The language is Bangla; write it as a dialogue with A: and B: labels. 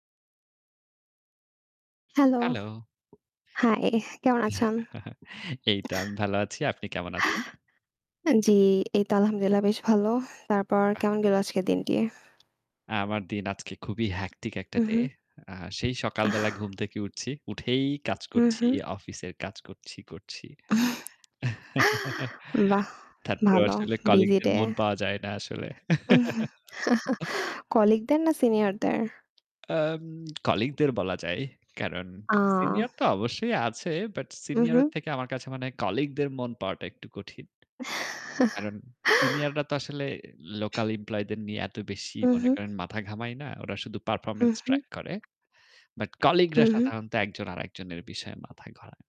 A: হেলো।
B: হেলো।
A: হাই, কেমন আছেন?
B: এইতো আমি ভালো আছি। আপনি কেমন আছেন?
A: জ্বি, এই তো আলহামদুলিল্লাহ বেশ ভালো। তারপর
B: বাহ!
A: কেমন গেল আজকের দিনটি?
B: আমার দিন আজকে খুবই হেকটিক একটা
A: হু,
B: ডে।
A: হু।
B: আ সেই
A: আহ
B: সকালবেলা ঘুম থেকে উঠছি। উঠেই কাজ
A: হু,
B: করছি,
A: হু।
B: অফিসের কাজ করছি, করছি।
A: বাহ!
B: তারপরেও
A: ভালো।
B: আসলে
A: বিজি
B: কলিগদের
A: ডে।
B: মন পাওয়া যায় না আসলে।
A: কলিগ দের না সিনিয়র দের?
B: আম কলিগ দের বলা যায়। কারণ
A: আহ
B: সিনিয়র তো অবশ্যই আছে। বাট
A: হু,
B: সিনিয়র
A: হু।
B: এর থেকে আমার কাছে মনে হয় কলিগদের মন পাওয়াটা একটু কঠিন। কারণ সিনিয়ররা তো আসলে লোকাল এমপ্লয়ি দের নিয়ে এত বেশি
A: হু,
B: মনে
A: হু।
B: করেন মাথা ঘামায় না। ওরা শুধু
A: হু,
B: পারফরম্যান্স
A: হু।
B: ট্রাক করে। বাট
A: হু,
B: কলিগরা
A: হু।
B: সাধারণত একজন আরেকজনের বিষয়ে মাথা ঘোড়ায়।